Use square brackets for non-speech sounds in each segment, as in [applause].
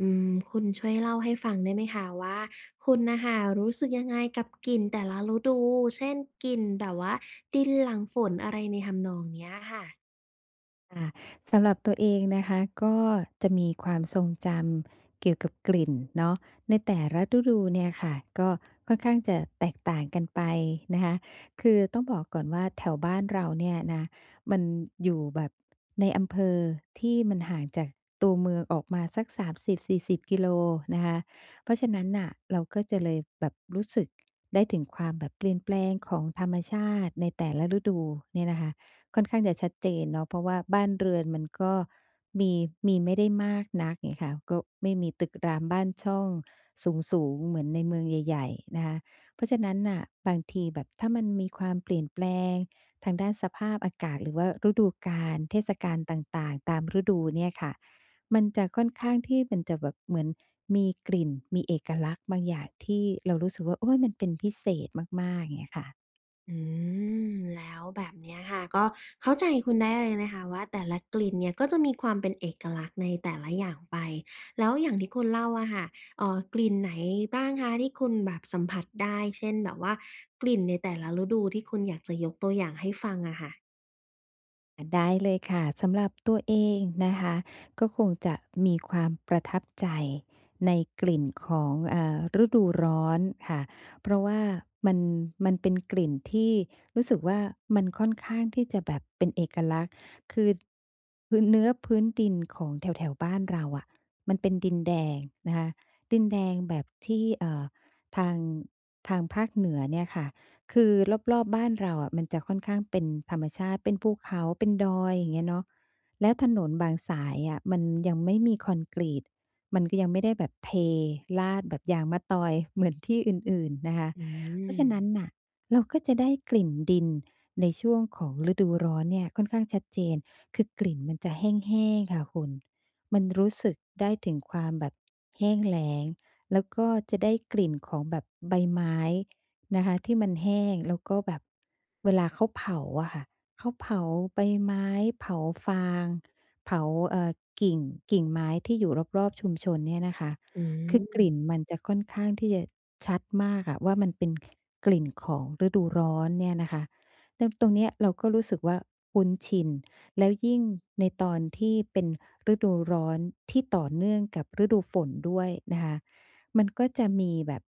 อืม คุณช่วยเล่าให้ฟังได้ไหมคะว่า คุณน่ะค่ะรู้สึกยังไงกับกลิ่นแต่ละฤดู เช่น กลิ่นแบบว่าดินหลังฝน อะไรในทำนองเนี้ยอะค่ะ? ค่ะ สำหรับตัวเองนะคะ ก็จะมีความทรงจำเกี่ยวกับกลิ่นเนาะในแต่ละฤดูเนี่ยค่ะ ก็ค่อนข้างจะแตกต่างกันไปนะคะ คือต้องบอกก่อนว่าแถวบ้านเราเนี่ยนะ มันอยู่แบบในอำเภอที่มันห่างจากตัวเมืองออกมาสัก 30-40 กิโลนะคะ เพราะฉะนั้นน่ะเราก็จะ เลยแบบรู้สึก ได้ถึงความแบบเปลี่ยนแปลงของธรรมชาติในแต่ละฤดูเนี่ยนะคะค่อนข้างจะชัดเจนเนาะ เพราะว่าบ้านเรือนมันก็มี มีไม่ได้มากนัก เงี้ยค่ะ ก็ไม่มีตึกรามบ้านช่องสูง ๆ เหมือนในเมืองใหญ่ ๆ นะคะ เพราะฉะนั้นน่ะบางทีแบบถ้ามันมีความเปลี่ยนแปลงทางด้านสภาพอากาศ หรือว่าฤดูกาล เทศกาลต่าง ๆ ตามฤดูเนี่ยค่ะ มันจะค่อนข้างที่มันจะแบบเหมือนมีกลิ่น มีเอกลักษณ์บางอย่างที่เรารู้สึกว่า โอ๊ย มันเป็นพิเศษมาก ๆ เงี้ยค่ะ อืม แล้วแบบนี้อะค่ะ ก็เข้าใจคุณได้เลยนะคะว่า แต่ละกลิ่นเนี่ยก็จะมีความเป็นเอกลักษณ์ในแต่ละอย่างไป แล้วอย่างที่คุณเล่าอะค่ะ เอ่อ กลิ่นไหนบ้างคะที่คุณแบบสัมผัสได้ เช่น แบบว่ากลิ่นในแต่ละฤดูที่คุณอยากจะยกตัวอย่างให้ฟังอะค่ะ? อะ ได้เลยค่ะ สำหรับตัวเองนะคะ ก็คงจะมีความประทับใจในกลิ่นของ เอ่อ ฤดูร้อนค่ะ เพราะว่ามัน มันเป็นกลิ่นที่รู้สึกว่า มันค่อนข้างที่จะแบบเป็นเอกลักษณ์ คือ พื้นเนื้อ พื้นดินของแถว ๆ บ้านเราอะ มันเป็นดินแดงนะคะ ดินแดงแบบที่ เอ่อ ทาง ทางภาคเหนือเนี่ยค่ะ คือรอบ ๆ บ้านเราอะ มันจะค่อนข้างเป็นธรรมชาติ เป็นภูเขา เป็นดอย อย่างเงี้ยเนาะ แล้วถนนบางสายอะ มันยังไม่มีคอนกรีต มันก็ยังไม่ได้แบบเทราดแบบยางมะตอยเหมือนที่อื่น ๆ นะคะ อืเพราะฉะนั้นม น่ะ เราก็จะได้กลิ่นดินในช่วงของฤดูร้อนเนี่ยค่อนข้างชัดเจน คือกลิ่นมันจะแห้ง ๆ ค่ะคุณ มันรู้สึกได้ถึงความแบบแห้งแล้ง แล้วก็จะได้กลิ่นของแบบใบไม้นะคะที่มันแห้ง แล้วก็แบบเวลาเขาเผาอะค่ะ เขาเผาใบไม้ เผาฟาง เผา เอ่อ กิ่ง กิ่งไม้ที่อยู่รอบ ๆ ชุมชนเนี่ยนะคะ อืคือกลม ิ่นมันจะค่อนข้างที่จะชัดมากค่ะ ว่ามันเป็นกลิ่นของฤดูร้อนเนี่ยนะคะ แล้ว ตรงเนี้ยเราก็รู้สึกว่า คุ้นชิน แล้วยิ่งในตอนที่เป็นฤดูร้อนที่ต่อเนื่องกับฤดูฝนด้วยนะคะ มันก็จะมีแบบ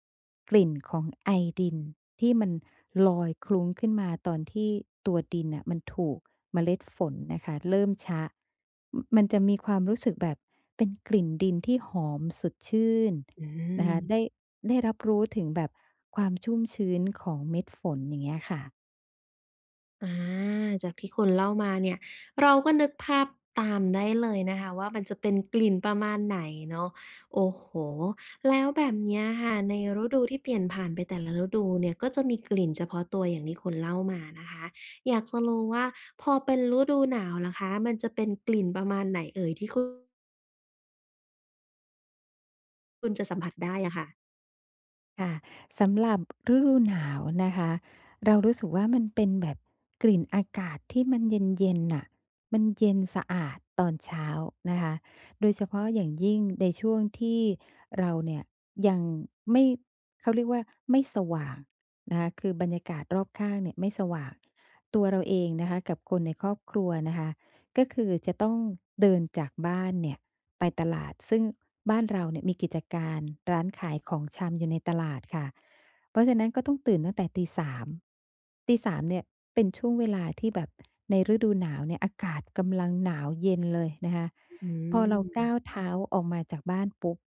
กลิ่นของไอดินที่มันลอยคลุ้งขึ้นมาตอนที่ตัวดินอะ มันถูกเมล็ดฝนนะคะเริ่มชะ มันจะมีความรู้สึกแบบเป็นกลิ่นดินที่หอมสดชื่นอนะคะ ืม ได้ ได้รับรู้ถึงแบบความชุ่มชื้นของเม็ดฝน อย่างเงี้ยค่ะ อา จากที่คุณเล่ามาเนี่ย เราก็นึกภาพตามได้เลยนะคะว่า มันจะเป็นกลิ่นประมาณไหนเนาะ โอ้โฮ แล้วแบบเนี้ยค่ะ ในฤดูที่เปลี่ยนผ่านไปแต่ละฤดูเนี่ย ก็จะมีกลิ่นเฉพาะตัวอย่างที่คุณเล่ามานะคะ อยากจะรู้ว่า พอเป็นฤดูหนาวล่ะคะ มันจะเป็นกลิ่นประมาณไหนเอ่ยที่คุ คุณจะสัมผัสได้อะค่ะ? ค่ะ สำหรับฤดูหนาวนะคะ เรารู้สึกว่ามันเป็นแบบกลิ่นอากาศที่มัน เย็น ๆ น่ะ มันเย็นสะอาดตอนเช้านะคะ โดยเฉพาะอย่างยิ่งในช่วงที่เราเนี่ย ยังไม่ เขาเรียกว่าไม่สว่างนะคะ คือบรรยากาศรอบข้างเนี่ยไม่สว่าง ตัวเราเองนะคะกับคนในครอบครัวนะคะ ก็คือจะต้องเดินจากบ้านเนี่ยไปตลาด ซึ่งบ้านเราเนี่ยมีกิจการร้านขายของชำอยู่ในตลาดค่ะ เพราะฉะนั้นก็ต้องตื่นตั้งแต่ตี 3 ตี 3 เนี่ยเป็นช่วงเวลาที่แบบ ในฤดูหนาวเนี่ยอากาศกำลังหนาวเย็นเลยนะคะ ฮ อืพอเรากม ้าวเท้าออกมาจากบ้านปุ๊บ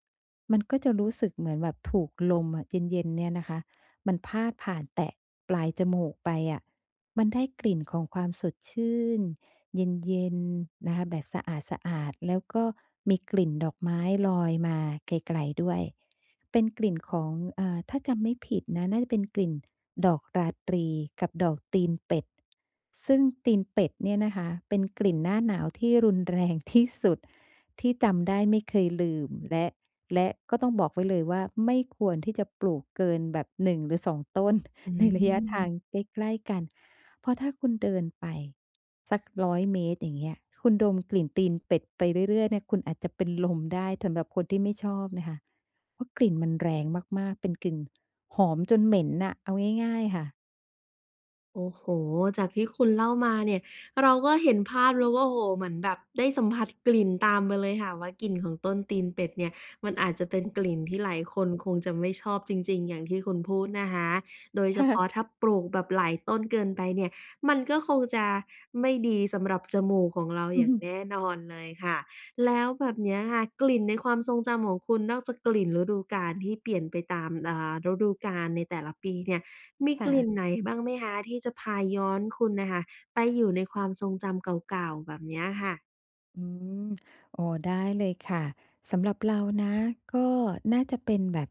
มันก็จะรู้สึกเหมือนแบบ ถูกลมอะเย็น ๆ เนี่ยนะคะ มันพาดผ่านแตะปลายจมูกไปอะ มันได้กลิ่นของความสดชื่น เย็น ๆ นะคะ แบบสะอาด ๆ แล้วก็มีกลิ่นดอกไม้ลอยมาไกล ๆ ด้วย เป็นกลิ่นของ เอ่อ ถ้าจำไม่ผิดนะ น่าจะเป็นกลิ่นดอกราตรี กับดอกตีนเป็ด ซึ่งตีนเป็ดเนี่ยนะคะเป็นกลิ่นหน้าหนาวที่รุน แรง ที่สุดที่จำได้ไม่เคยลืม และ และก็ต้องบอกไว้เลยว่า ไม่ควรที่จะปลูกเกินแบบ 1 หรือ 2 ต้น อืใน ระยะทาม งใกล้ ๆ กัน เพราะถ้าคุณเดินไปสัก 100 เมตร อย่างเงี้ย คุณดมกลิ่นตีนเป็ดไปเรื่อย ๆ เนี่ย คุณอาจจะเป็นลมได้สำหรับคนที่ไม่ชอบนะคะ เพราะกลิ่นมันแรงมาก ๆ เป็นกลิ่นหอมจนเหม็นน่ะ เอาง่าย ๆ ค่ะ โอ้โฮ! จากที่คุณเล่ามาเนี่ย เราก็เห็นภาพแล้วว่า โอ้โฮ! เหมือนแบบได้สัมผัสกลิ่นตามไปเลยค่ะว่า กลิ่นของต้นตีนเป็ดเนี่ย มันอาจจะเป็นกลิ่นที่หลายคอืนอฮึ คงจะไม่ชอบจริง ๆ อย่างที่คุณพูดนะคะ โดยคเฉ่พะ าะถ้าปลูกแบบหลายต้นเกินไปเนี่ย มันก็คงจะไม่ดีสำหรับจมูกของเรา ออย่างือ แน่นอนเลยค่ะ แล้วแบบเนี้ยค่ะ กลิ่นในความทรงจำของคุณ นอกจากกลิ่นฤดูกาล ที่เปลี่ยนไปตาม เอ่อ่ ฤดูกาลในแต่ละปีเนี่ย มีค่กลิ่นะ ไหนบ้างไหมคะ ที่จะพาย้อนคุณน่ะค่ะ ไปอยู่ในความทรงจำเก่า ๆ แบบเนี้ยค่ะ? อืม [smacks lips] อ๋อ ได้เลยค่ะ สำหรับเรานะ ก็น่าจะเป็นแบบ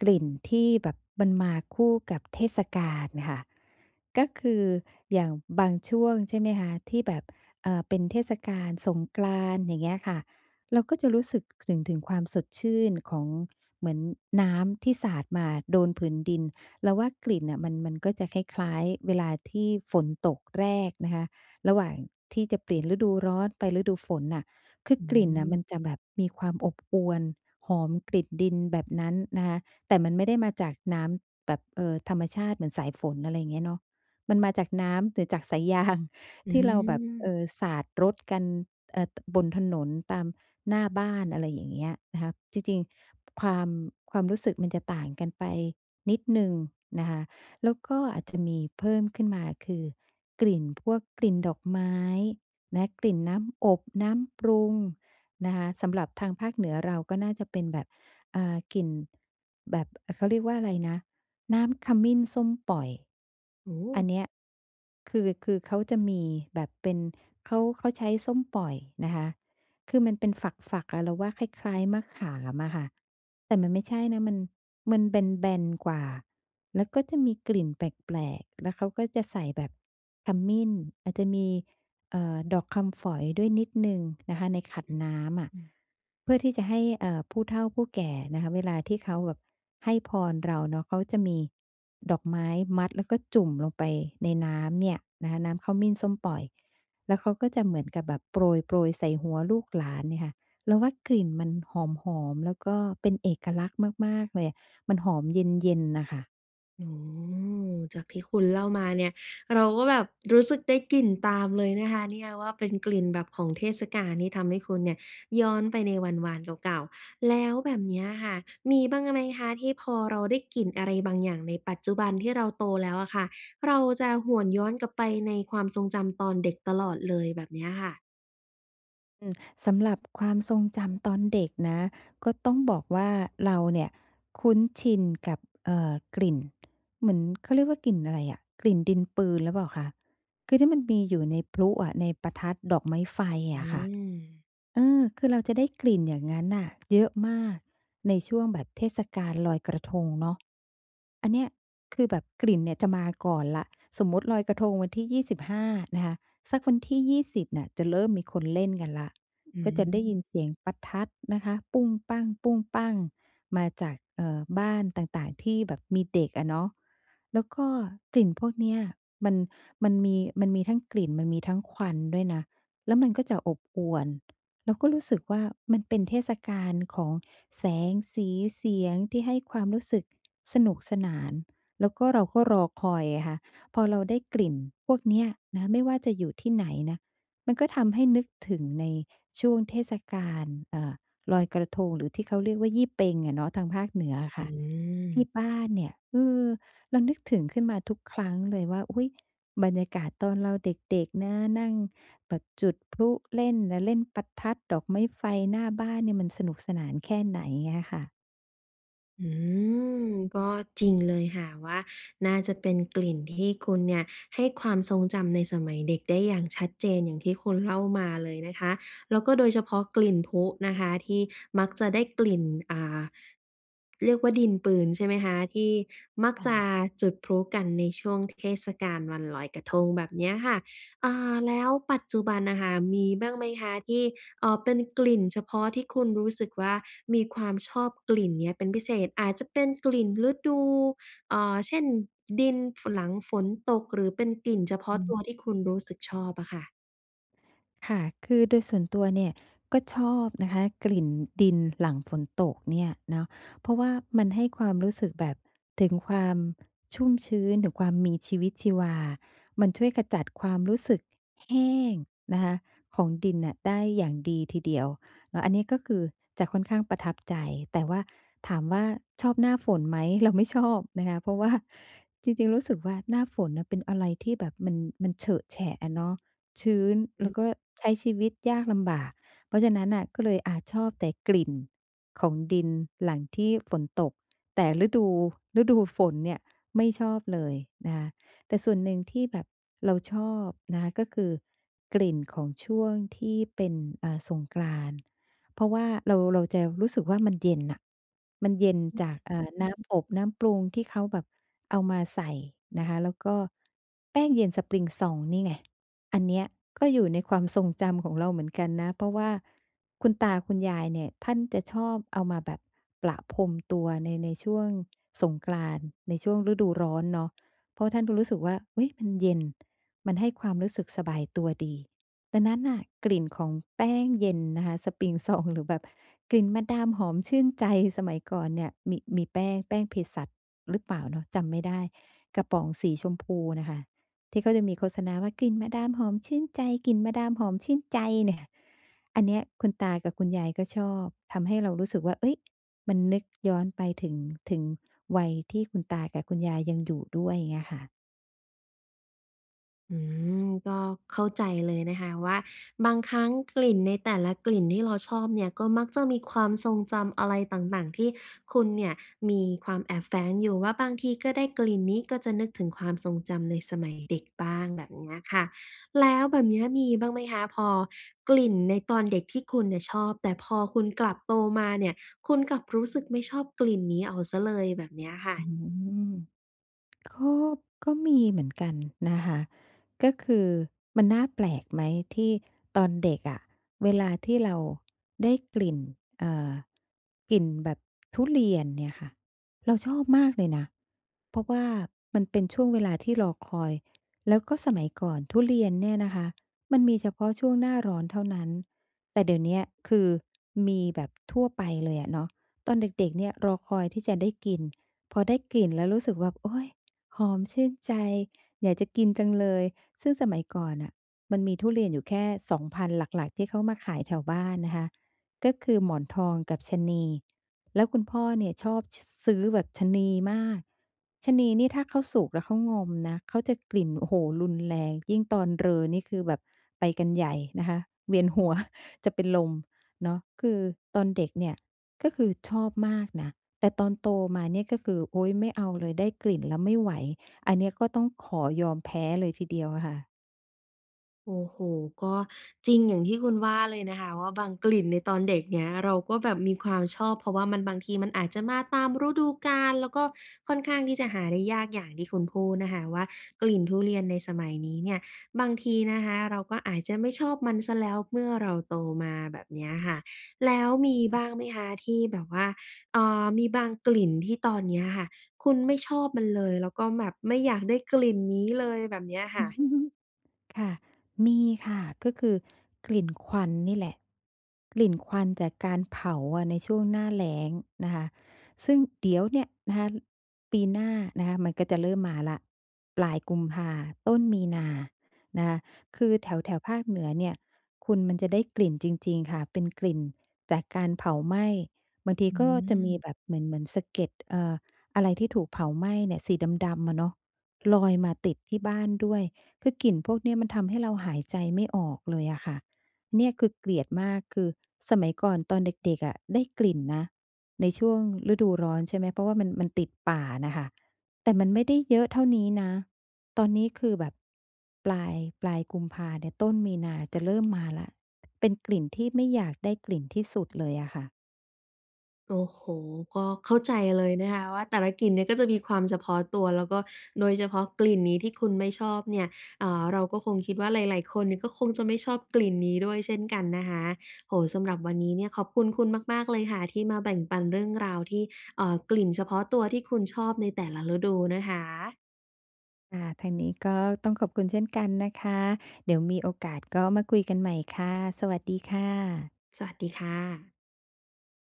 กลิ่นที่แบบ มันมาคู่กับเทศกาลค่ะ ก็คือ อย่างบางช่วงใช่ไหมคะ ที่แบบ เอ่อ เป็นเทศกาลสงกรานต์ อย่างเงี้ยค่ะ เราก็จะรู้สึกถึง ถึงความสดชื่นของ เหมือนน้ำที่สาดมาโดนผืนดิน เราว่ากลิ่นน่ะ มัน มันก็จะคล้าย ๆ เวลาที่ฝนตกแรกนะคะ ระหว่างที่จะเปลี่ยนฤดูร้อนไปฤดูฝนน่ะ คืออืกลิ่นน่ะมันจะม แบบมีความอบอวล หอมกลิ่นดินแบบนั้นนะคะ แต่มันไม่ได้มาจากน้ำแบบ เอ่อ ธรรมชาติเหมือนสายฝน อะไรอย่างเงี้ยเนาะ มันมาจากน้ำ หรือจาก สายยาง อืที่เราแบบ ม เออ สาดรถกัน เอ่อ ต บนถนนตามหน้าบ้าน อะไรอย่างเงี้ยนะคะ จริง ๆ ความ ความรู้สึกมันจะต่างกันไปนิดหนึ่งนะคะ แล้วก็อาจ จะมีเพิ่มขึ้นมาคือ กลิ่นพวกกลิ่นดอกไม้นะ กลิ่นน้ำอบ น้ำปรุงนะคะ สำหรับทางภาคเหนือเรา ก็น่าจะเป็นแบบ เอ่อ กลิ่น แบบ เขาเรียกว่าอะไรนะ น้ำขมิ้นส้มป่อย โอ้โอันฮ เนี้ย คือ คือเขาจะมีแบบเป็น เขา เขาใช้ส้มป่อยนะคะ คือมันเป็นฝัก ๆ อะ เราว่าคล้าย ๆ มะขามอะค่ะ แต่มันไม่ใช่นะ มัน มันแบน ๆ กว่า แล้วก็จะมีกลิ่นแปลก ๆ แล้วเขาก็จะใส่แบบขมิ้น อาจจะมี เอ่อ ดอกคำฝอยด้วยนิดหนึ่งนะคะ ในขันน้ำอะ อ อือ เพื่อที่จะให้ เอ่อ ผู้เฒ่าผู้แก่นะคะ เวลาที่เขาแบบให้พรเราเนาะ เขาจะมีดอกไม้มัด แล้วก็จุ่มลงไปในน้ำเนี่ยนะคะ น้ำขมิ้นส้มป่อย แล้วเขาก็จะเหมือนกับแบบ โปรย ๆ ใส่หัวลูกหลานเนี่ยค่ะ เราว่ากลิ่นมันหอม ๆ แล้วก็เป็นเอกลักษณ์มาก ๆ เลย มันหอมเย็น ๆ น่ะค่ะ โอ้โฮ! จากที่คุณเล่ามาเนี่ย เราก็แบบรู้สึกได้กลิ่นตามเลยนะคะเนี่ยว่า เป็นกลิ่นแบบของเทศกาลที่ทำให้คุณเนี่ยย้อนไปในวันวานเก่า ๆ แล้วแบบเนี้ยค่ะมีบ้างอะไหมคะ? ที่พอเราได้กลิ่นอะไรบางอย่างในปัจจุบัน ที่เราโตแล้วอะค่ะ เราจะหวนย้อนกลับไปในความทรงจำตอนเด็กตลอดเลย แบบเนี้ยค่ะ อืม สำหรับความทรงจำตอนเด็กนะ ก็ต้องบอกว่า เราเนี่ยคุ้นชินกับ เอ่อ กลิ่น เหมือน เขาเรียกว่า กลิ่นอะไรอะ กลิ่นดินปืนหรือเปล่าคะ? คือที่มันมีอยู่ในพลุอะ ในประทัด ดอกไม้ไฟอือะค่ะ ม เออ คือเราจะได้กลิ่นอย่างงั้นน่ะเยอะมากในช่วงแบบเทศกาลลอยกระทงเนาะ อันเนี้ยคือแบบกลิ่นเนี่ยจะมาก่อนแล้ว สมมุติลอยกระทงวันที่ 25 นะคะ สักวันที่ 20 น่ะจะเริ่มมีคนเล่นกันแล้ว อืก็จะได้ยม ินเสียงประทัดนะคะ ปุ้งปั้ง ๆ มาจาก เอ่อ บ้านต่าง ๆ ที่แบบมีเด็กอะเนาะ แล้วก็กลิ่นพวกเนี้ยมัน มันมี มันมีทั้งกลิ่น มันมีทั้งควันด้วยนะ แล้วมันก็จะอบอวล เราก็รู้สึกว่า มันเป็นเทศกาลของแสง สี เสียง ที่ให้ความรู้สึกสนุกสนาน แล้วก็เราก็รอคอยไงคะ พอเราได้กลิ่นพวกเนี้ยนะ ไม่ว่าจะอยู่ที่ไหนนะ มันก็ทำให้นึกถึงในช่วงเทศกาล เอ่อ ลอยกระทง หรือที่เขาเรียกว่า ยี่เป็ง อะเนาะทางภาคเหนืออะคอ่ะ ทีืม ่บ้านเนี่ย เออ เรานึกถึงขึ้นมาทุกครั้งเลยว่า อุ๊ย บรรยากาศตอนเราเด็ก ๆ นะ นั่งแบบจุดพลุเล่นน่ะ เล่นประทัด ดอกไม้ไฟ หน้าบ้านเนี่ยมันสนุกสนานแค่ไหน เงี้ยค่ะ อืม ก็จริงเลยค่ะว่า น่าจะเป็นกลิ่นที่คุณเนี่ยให้ความทรงจำในสมัยเด็กได้อย่างชัดเจน อย่างที่คุณเล่ามาเลยนะคะ แล้วก็โดยเฉพาะกลิ่นพลุนะคะที่มักจะได้กลิ่น อ่า เรียกว่า ดินปืนใช่ไหมคะ ที่มักค่จะะ จุดพลุกันในช่วงเทศกาลวันลอยกระทง แบบเนี้ยค่ะ เอ่อ แล้วปัจจุบันอะค่ะมีบ้างไหมคะ? ที่ เอ่อ เป็นกลิ่นเฉพาะที่คุณรู้สึกว่า มีความชอบกลิ่นเนี้ยเป็นพิเศษ อาจจะเป็นกลิ่นฤดู เอ่อ เช่น ดิน ฝ หลังฝนตก หรือเป็นกลิ่นเฉพาอะตัืม วที่คุณรู้สึกชอบอะค่ะ ค่ะ คือโดยส่วนตัวเนี่ยก็ชอบนะคะกลิ่นดินหลังฝนตกเนี่ย เนาะ เพราะว่ามันให้ความรู้สึกแบบถึงความชุ่มชื้น ถึงความมีชีวิตชีวา มันช่วยขจัดความรู้สึกแห้งนะคะของดินน่ะได้อย่างดีทีเดียว อะ อันนี้ก็คือจะค่อนข้างประทับใจ แต่ว่าถามว่า ชอบหน้าฝนไหม? เรา ไม่ชอบ นะคะ เพราะว่าจริง ๆ รู้สึกว่า หน้าฝนน่ะเป็นอะไรที่แบบมัน มันเฉอะแฉะอะเนาะ ชื้น อแล้ืม วก็ใช้ชีวิตยากลำบาก เพราะฉะนั้นน่ะ ก็เลย อ่า ชอบแต่กลิ่นของดินหลังที่ฝนตก แต่ฤดู ฤดูฝนเนี่ยไม่ชอบเลยนะคะ แต่ส่วนหนึ่งที่แบบเราชอบนะคะก็คือกลิ่นของช่วงที่เป็น อ่า สงกรานต์ เพราะว่าเรา เราจะรู้สึกว่า มันเย็นน่ะ มันเย็นจาก อ่า น้ำอบ น้ำปรุงที่เขาแบบเอามาใส่นะคะ แล้วก็แป้งเย็นสปริงซองนี่ไง อันเนี้ยก็อยู่ในความทรงจำของเราเหมือนกันนะ เพราะว่าคุณตาคุณยายเนี่ยท่านจะชอบเอามาแบบประพรมตัวใน ในช่วงสงกรานต์ ในช่วงฤดูร้อนเนาะ เพราะว่าท่านก็รู้สึกว่า เฮ้ย มันเย็น มันให้ความรู้สึกสบายตัวดี ดังนั้นน่ะ กลิ่นของแป้งเย็นนะคะสปริงซอง หรือแบบกลิ่นมาดามหอมชื่นใจสมัยก่อนเนี่ย มี มีแป้ง แป้งเภสัชหรือเปล่าเนาะ? จำไม่ได้ กระป๋องสีชมพูน่ะค่ะ ที่เขาจะมีโฆษณาว่า "กลิ่นมาดามหอมชื่นใจ กลิ่นมาดามหอมชื่นใจ" เนี่ย อันเนี้ยคุณตากับคุณยายก็ชอบ ทำให้เรารู้สึกว่า เฮ้ย มันนึกย้อนไปถึง ถึงวัยที่คุณตากับคุณยายยังอยู่ด้วย เงี้ยค่ะ อืม ก็เข้าใจเลยนะคะ ว่าบางครั้งกลิ่นในแต่ละกลิ่นที่เราชอบเนี่ยก็มักจะมีความทรงจำอะไรต่าง ๆ ที่คุณเนี่ยมีความแอบแฝงอยู่ว่า บางทีก็ได้กลิ่นนี้ ก็จะนึกถึงความทรงจำในสมัยเด็กบ้าง แบบเนี้ยค่ะ แล้วแบบนี้มีบ้างไหมคะ พอกลิ่นในตอนเด็กที่คุณเนี่ยชอบ แต่พอคุณกลับโตมาเนี่ย คุณกลับรู้สึกไม่ชอบกลิ่นนี้เอาเสียเลย แบบเนี้ยอะค่ะ? อืม [smacks lips] ก็ ก็มีเหมือนกันนะคะ ก็คือมันน่าแปลกไหมที่ตอนเด็กอะเวลาที่เราได้กลิ่น เอ่อ กลิ่นแบบทุเรียนเนี่ยค่ะ เราชอบมากเลยนะ เพราะว่ามันเป็นช่วงเวลาที่รอคอย แล้วก็สมัยก่อนทุเรียนเนี่ยนะคะ มันมีเฉพาะช่วงหน้าร้อนเท่านั้น แต่เดี๋ยวเนี้ย คือ มีแบบทั่วไปเลยอะเนาะ ตอนเด็ก ๆ เนี่ยรอคอยที่จะได้กิน พอได้กลิ่นแล้วรู้สึกว่า โอ๊ย หอมชื่นใจ อยากจะกินจังเลย ซึ่งสมัยก่อนน่ะมันมีทุเรียนอยู่แค่ 2 พันธุ์หลัก ๆ ที่เขามาขายแถวบ้านนะคะ ก็คือหมอนทองกับชะนี แล้วคุณพ่อเนี่ยชอบ ช ซื้อแบบชะนีมาก ชะนีนี่ถ้าเขาสุกแล้วเขางอมนะ เขาจะกลิ่น โอ้โฮ รุนแรง ยิ่งตอนเรอนี่คือแบบไปกันใหญ่นะคะ เวียน หัว จะเป็นลมเนาะ คือตอนเด็กเนี่ย ก็คือชอบมากนะ แต่ตอนโตมาเนี่ยก็คือ โอ๊ย ไม่เอาเลย ได้กลิ่นแล้วไม่ไหว อันเนี้ยก็ต้องขอยอมแพ้เลยทีเดียวอะค่ะ โอ้โฮ ก็จริงอย่างที่คุณว่าเลยนะคะว่า บางกลิ่นในตอนเด็กเนี่ย เราก็แบบมีความชอบ เพราะว่ามัน บางทีมันอาจจะมาตามฤดูกาล แล้วก็ค่อนข้างที่จะหาได้ยากอย่างที่คุณพูดนะคะว่า กลิ่นทุเรียนในสมัยนี้เนี่ย บางทีนะคะเราก็อาจจะไม่ชอบมันเสียแล้วเมื่อเราโตมา แบบเนี้ยค่ะ แล้วมีบ[unintelligible] ้างไหมคะ? ที่แบบว่า เอ่อ มีบางกลิ่นที่ตอนนี้อะค่ะ คุณไม่ชอบมันเลย แล้วก็แบบไม่อยากได้กลิ่นนี้เลย แบบเนี้ยค่ะ [chuckles] ค่ะ มีค่ะ ก็คือกลิ่นควันนี่แหละ กลิ่นควันจากการเผาอะในช่วงหน้าแล้งนะคะ ซึ่งเดี๋ยวเนี่ยนะคะ ปีหน้านะคะ มันก็จะเริ่มมาแล้ว ปลายกุมภา ต้นมีนานะคะ คือแถว ๆ ภาคเหนือเนี่ย คุณ มันจะได้กลิ่นจริง ๆ ค่ะ เป็นกลิ่นจากการเผาไหม้ บางทีอืก็จะมีม แบบเหมือน เหมือนสะเก็ด เอ่อ อะไรที่ถูกเผาไหม้เนี่ย สีดำ ๆ อะเนาะ ลอยมาติดที่บ้านด้วย คือกลิ่นพวกนี้มันทำให้เราหายใจไม่ออกเลยอะค่ะ เนี่ยคือเกลียดมาก คือสมัยก่อนตอนเด็ก ๆ อะได้กลิ่นนะ ในช่วงฤดูร้อน ใช่ไหม เพราะว่ามัน มันติดป่าน่ะค่ะ แต่มันไม่ได้เยอะเท่านี้นะ ตอนนี้คือแบบ ปลาย ปลายกุมภาเนี่ย ต้นมีนาจะเริ่มมาแล้ว เป็นกลิ่นที่ไม่อยากได้กลิ่นที่สุดเลยอะค่ะ โอ้โฮ ก็เข้าใจเลยนะคะว่า แต่ละกลิ่นเนี่ยก็จะมีความเฉพาะตัว แล้วก็โดยเฉพาะกลิ่นนี้ที่คุณไม่ชอบเนี่ย อ่า เราก็คงคิดว่าหลาย ๆ คนก็คงจะไม่ชอบกลิ่นนี้ด้วยเช่นกันนะคะ โอ้โฮ สำหรับวันนี้เนี่ยขอบคุณคุณมาก ๆ เลยค่ะ ที่มาแบ่งปันเรื่องราวที่ เอ่อ กลิ่นเฉพาะตัวที่คุณชอบในแต่ละฤดูนะคะ ค่ะ ทางนี้ก็ต้องขอบคุณเช่นกันนะคะ เดี๋ยวมีโอกาสก็มาคุยกันใหม่ค่ะ สวัสดีค่ะ สวัสดีค่ะ